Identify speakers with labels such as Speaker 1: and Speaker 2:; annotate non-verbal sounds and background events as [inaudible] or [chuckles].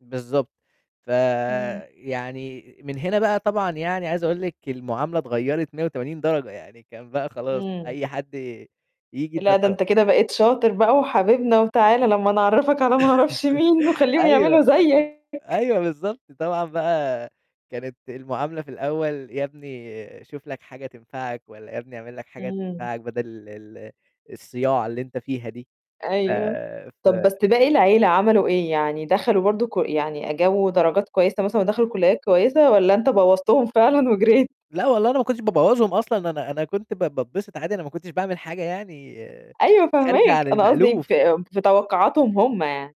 Speaker 1: بالضبط،
Speaker 2: إمم.
Speaker 1: فيعني من هنا بقى طبعًا، يعني عايز أقول لِك المعاملة اتغيرت 180 درجة، يعني كان بقى خلاص
Speaker 2: إمم.
Speaker 1: أي حد ييجي.
Speaker 2: "لأ، ده أنت
Speaker 1: [unintelligible]
Speaker 2: كده بقيت شاطر بقى، وحبيبنا، وتعالَ لما نعرّفك على ما أعرفش
Speaker 1: [chuckles]
Speaker 2: مين وخليهم
Speaker 1: أيوه،
Speaker 2: يعملوا زيك."
Speaker 1: أيوه، بالضبط، طبعًا بقى كانت المعاملة في الأول: "يا ابني شوف لك حاجة تنفعك، والّا يا ابني اعمل لك حاجة
Speaker 2: إمم.
Speaker 1: تنفعك، بدل ال الصياعة اللي أنت فيها دي." ف
Speaker 2: أيوه،
Speaker 1: ف
Speaker 2: طب بس باقي العيلة عملوا إيه؟ يعني دخلوا برضه ك يعني أ جابوا درجات كويسة مثلًا، ودخلوا كليات كويسة، والّا أنت بوّظتهم فعلًا وجريت؟
Speaker 1: لأ والله، أنا ما كنتش بابوّظهم أصلًا، أنا أنا كنت ب باتبسط عادي، أنا ما كنتش باعمل حاجة يعني
Speaker 2: أيوه،
Speaker 1: خارجة
Speaker 2: فاهماك،
Speaker 1: عن
Speaker 2: أنا قصدي
Speaker 1: المألوف.
Speaker 2: في في توقعاتهم هم يعني.